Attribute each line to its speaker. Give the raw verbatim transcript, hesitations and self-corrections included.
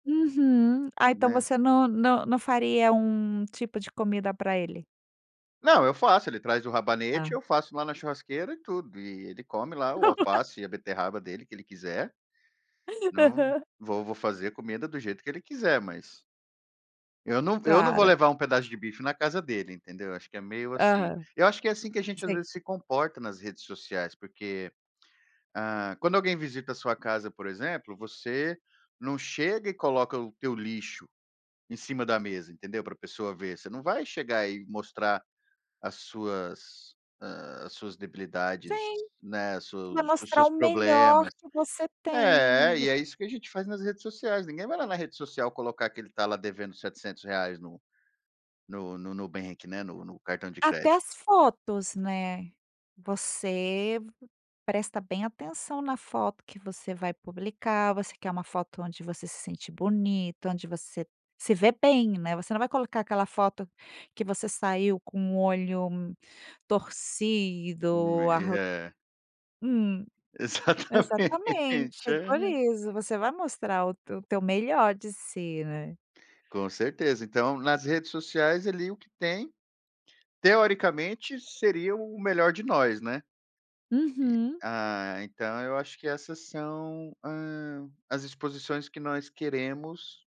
Speaker 1: Uhum. Ah, então
Speaker 2: Né.
Speaker 1: você não não não faria um tipo de comida pra ele?
Speaker 2: Não, eu faço, ele traz o rabanete,
Speaker 1: Tá.
Speaker 2: eu faço lá na churrasqueira e tudo. E ele come lá o alface e a beterraba dele, que ele quiser. Não,
Speaker 1: Aham.
Speaker 2: vo vou fazer a comida do jeito que ele quiser, mas eu não eu não vou
Speaker 1: Claro.
Speaker 2: levar um pedaço de bife na casa dele, entendeu. Acho que é meio assim,
Speaker 1: Aham.
Speaker 2: eu acho que é assim que a gente, às
Speaker 1: Sei.
Speaker 2: vezes, se comporta nas redes sociais. Porque, ah, quando alguém visita a sua casa, por exemplo, você não chega e coloca o teu lixo em cima da mesa, entendeu, para a pessoa ver. Você não vai chegar e mostrar as suas, ah, as suas debilidades,
Speaker 1: Sim.
Speaker 2: né,
Speaker 1: Você
Speaker 2: seu
Speaker 1: vai
Speaker 2: os
Speaker 1: mostrar
Speaker 2: seus
Speaker 1: o melhor
Speaker 2: problemas.
Speaker 1: que você tem.
Speaker 2: É,
Speaker 1: V
Speaker 2: e é isso que a gente faz nas redes sociais. Ninguém vai lá na rede social colocar que ele tá lá devendo setecentos no no no Nubank, né, no no cartão de
Speaker 1: Até
Speaker 2: crédito.
Speaker 1: as fotos, né. Você presta bem atenção na foto que você vai publicar, você quer uma foto onde você se sente bonito, onde você se vê bem, né. Você não vai colocar aquela foto que você saiu com o olho
Speaker 2: Hum,
Speaker 1: torcido,
Speaker 2: e
Speaker 1: arr
Speaker 2: é.
Speaker 1: Hum.
Speaker 2: Exatamente.
Speaker 1: Exatamente. É por
Speaker 2: Aham.
Speaker 1: isso. Você vai mostrar o teu teu melhor de si, né.
Speaker 2: Com certeza. Então, nas redes sociais, ali o que tem teoricamente, seria o o melhor de nós, né. E
Speaker 1: Uhum.
Speaker 2: ah, então eu acho que essas são, ah, as exposições que nós queremos